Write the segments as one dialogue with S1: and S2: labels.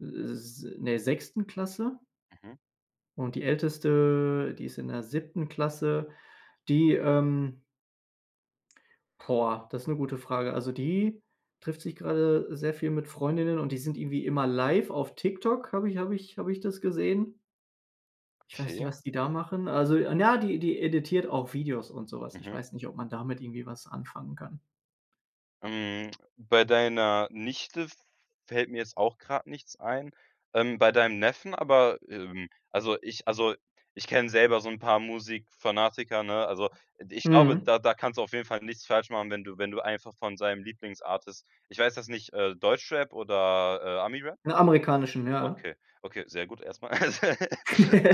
S1: Äh, s in der 6. Klasse.
S2: Mhm.
S1: Und die älteste, die ist in der 7. Klasse, die ähm Boah, das 'ne gute Frage. Also die trifft sich gerade sehr viel mit Freundinnen und die sind irgendwie immer live auf TikTok. Habe ich habe ich habe ich das gesehen. Ich weiß nicht,
S2: Okay.
S1: was die da machen. Also 'n ja, die die editiert auch Videos und so was. Ich
S2: Mhm.
S1: weiß nicht, ob man damit irgendwie was anfangen kann.
S2: Hm. Bei deiner Nichte fällt mir jetzt auch grad nichts ein. Ähm, bei deinem Neffen, aber, ähm also ich also ich kenne selber so 'n paar Musikfanatiker, ne? Also e d ich glaube,
S1: Mhm.
S2: da da kannst du auf jeden Fall nichts falsch machen, wenn du wenn du einfach von seinem Lieblingsartist, ich weiß das nicht, äh, Deutschrap oder, äh, Ami-Rap?
S1: Amerikanischen, ja.
S2: Okay, okay, sehr gut erst mal.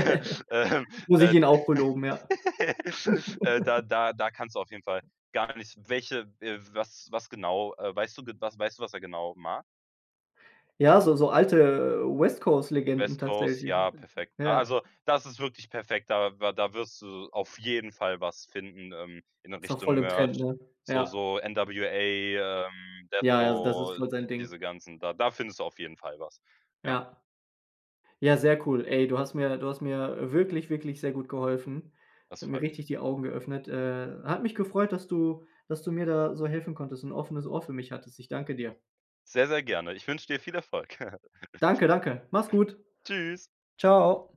S2: Ja, ähm,
S1: Muss ich
S2: äh,
S1: ihnen auch beloben, ja.
S2: da da da kannst du auf jeden Fall gar nichts welche äh, was was genau, äh, weißt du gena was er genau mag?
S1: Ja, so so alte, äh, West-Coast-Legenden
S2: West Coast,
S1: tatsächlich,
S2: ja, perfekt.
S1: ja.
S2: Also, das ist wirklich perfekt. Da wa da wirst du auf jeden Fall was finden, ähm, in 'ner
S1: Ist auch
S2: Richtung
S1: voll im Trend,
S2: Merch,
S1: ne?
S2: so
S1: Ja.
S2: so NWA, ähm,
S1: Ja, ja, also das ist
S2: Deathro,
S1: voll sein Ding.
S2: diese ganzen da da findest du auf jeden Fall was, ja.
S1: Ja. Ja, sehr cool, ey. Du hast mir du hast mir, äh, wirklich, wirklich sehr gut geholfen. Es
S2: Das
S1: hat mir
S2: freut mich.
S1: richtig die Augen geöffnet. Äh. Hat mich gefreut, dass du dass du mir da so helfen konntest und ein offenes Ohr für mich hattest. Ich danke dir.
S2: Sehr, sehr gerne. Ich wünsche dir viel Erfolg.
S1: Danke, danke. Mach’s gut.
S2: Tschüss.
S1: Tschau.